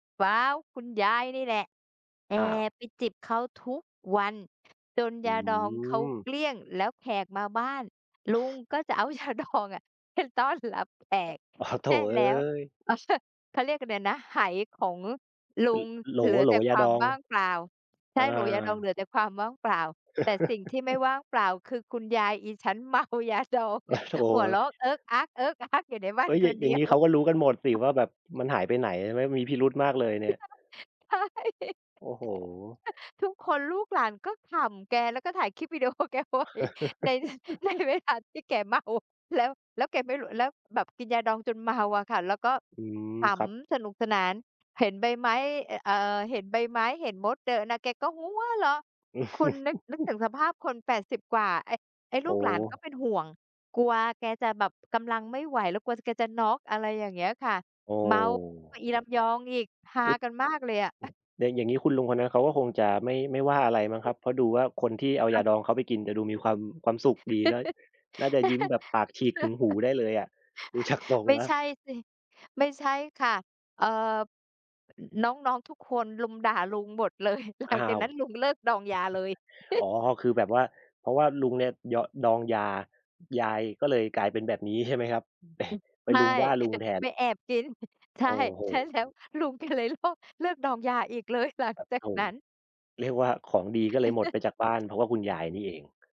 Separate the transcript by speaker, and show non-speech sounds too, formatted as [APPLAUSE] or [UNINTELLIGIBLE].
Speaker 1: ว้าว! คุณยายนี่แหละ แอ
Speaker 2: อ้าว
Speaker 1: บไปจิบเขาทุกวันจน
Speaker 2: อื
Speaker 1: ยาดองเขา
Speaker 2: ม
Speaker 1: เกลี้ยง แล้วแขกมาบ้าน ลุงก็จะเอา ยาดองอะ ไปต้อนรับแขก
Speaker 2: อ้าว โธ
Speaker 1: ใ
Speaker 2: ่
Speaker 1: ห้
Speaker 2: เอ๊
Speaker 1: แล้ว
Speaker 2: ย
Speaker 1: เขาสะ เขาเรียกอะไรนะ ไหของลุ
Speaker 2: ล
Speaker 1: ง
Speaker 2: โหล
Speaker 1: เหลือ
Speaker 2: โหล
Speaker 1: แต่
Speaker 2: ย
Speaker 1: ค
Speaker 2: า
Speaker 1: ว
Speaker 2: ด
Speaker 1: าม
Speaker 2: อง
Speaker 1: ว่างเปล่า ใช
Speaker 2: อ
Speaker 1: ่
Speaker 2: า
Speaker 1: โหลยาดองเหลือแต่ความว่างเปล่า แต่สิ่งที่ไม่
Speaker 2: [CHUCKLES]
Speaker 1: ว่างเปล่าคือ คุณยายอิฉัน เมายาดอง หัวเร
Speaker 2: [CHUCKLES] โ
Speaker 1: า
Speaker 2: ธ่
Speaker 1: ะเอิ๊กอ๊าก เอิ๊กอ๊ากอยู่ในบ้
Speaker 2: เ
Speaker 1: า
Speaker 2: ฮ้
Speaker 1: น
Speaker 2: ย! อ
Speaker 1: ค
Speaker 2: ย่า
Speaker 1: น
Speaker 2: อ
Speaker 1: เ
Speaker 2: ย
Speaker 1: ด
Speaker 2: ่
Speaker 1: ี
Speaker 2: าง
Speaker 1: ย
Speaker 2: งี้
Speaker 1: ว
Speaker 2: เขาก็รู้กันหมดสิว่าแบบมันหายไปไหน? ใช่ไหม มีพิรุธมากเลยเนี่ย
Speaker 1: [UNINTELLIGIBLE] ใช่ [CHUCKLES]
Speaker 2: โอ้โฮ!
Speaker 1: ทุกคนลูกหลานก็ขำแก แล้วก็ถ่ายคลิป วิดีโอแกไว้ใน ใน
Speaker 2: [CHUCKLES]
Speaker 1: เวลาที่แกเมา แล้ว แล้วแกไม่รู้ แล้วแบบกินยาดองจนเมาอะค่ะ แล้วก็
Speaker 2: อืม
Speaker 1: ข
Speaker 2: ครับ
Speaker 1: ำสนุกสนาน เห็นใบไม้ อ เอ่อ เห็นใบไม้เห็นมดเดินน่ะ แกก็หัวเราะ คุณนึก นึกถึ
Speaker 2: [CHUCKLES]
Speaker 1: งสภาพคน 80 กว่า ไอ้ ไอ้
Speaker 2: โ
Speaker 1: ล
Speaker 2: อ
Speaker 1: ูกหลานก็
Speaker 2: ้
Speaker 1: เป็นห่วง กลัวแกจะแบบกำลังไม่ไหว แล้วกลัว จ แกจะน็อก อะไรอย่างเงี้ยค่ะ
Speaker 2: โอ้
Speaker 1: เมากว่าอีลำยองอีก ฮา
Speaker 2: อุ๊ย อ
Speaker 1: กันมากเลยอะ [CHUCKLES]
Speaker 2: แดงอย่างงี้คุณลุงคนนั้นเขาก็คงจะไม่ ไม่ว่าอะไรมั้งครั
Speaker 1: [CHUCKLES]
Speaker 2: บ เพราะดูว่าคนที่เอา
Speaker 1: ค
Speaker 2: ย
Speaker 1: ่ะ
Speaker 2: าดองเขาไปกิน จะดูมีความ ความสุขดีนะ น่าจะยิ้มแบบปากฉีกถึงหู
Speaker 1: [LAUGHS]
Speaker 2: ได้เลยอะ ดู จาก ทรง
Speaker 1: ไม่
Speaker 2: แล้
Speaker 1: ใ
Speaker 2: ว
Speaker 1: ช่สิ ไม่ใช่ค่ะ เอ่อ น้อง ๆ ทุกคนรุมด่าลุงหมด เลย หล
Speaker 2: อ้
Speaker 1: ั
Speaker 2: า
Speaker 1: งจาก
Speaker 2: ว
Speaker 1: นั้นลุง เลิกดองยาเลย
Speaker 2: อ๋
Speaker 1: [CHUCKLES]
Speaker 2: อ คือแบบว่า เพราะว่าลุงเนี่ยยอ ดองยา ยายก็เลยกลายเป็นแบบนี้ใช่ไหมครับ?
Speaker 1: อึ
Speaker 2: [CHUCKLES]
Speaker 1: บ
Speaker 2: ไป
Speaker 1: ใช
Speaker 2: รุม
Speaker 1: ่
Speaker 2: ว่าลุง
Speaker 1: [CHUCKLES]
Speaker 2: แทน
Speaker 1: ไปแอบกิน [CHUCKLES] ใช
Speaker 2: โอ
Speaker 1: ่
Speaker 2: ้โฮ!
Speaker 1: ใช่แล้ว ลุงแกเลยเลิก เลิกดองยาอีกเลยหลัง
Speaker 2: ปัด
Speaker 1: จา
Speaker 2: โธ
Speaker 1: ก
Speaker 2: ่
Speaker 1: นั้น
Speaker 2: เรียกว่าของดี ก็เลยหมดไปจากบ้าน เพราะว่าคุณย
Speaker 1: [CHUCKLES]
Speaker 2: ายนี่เอง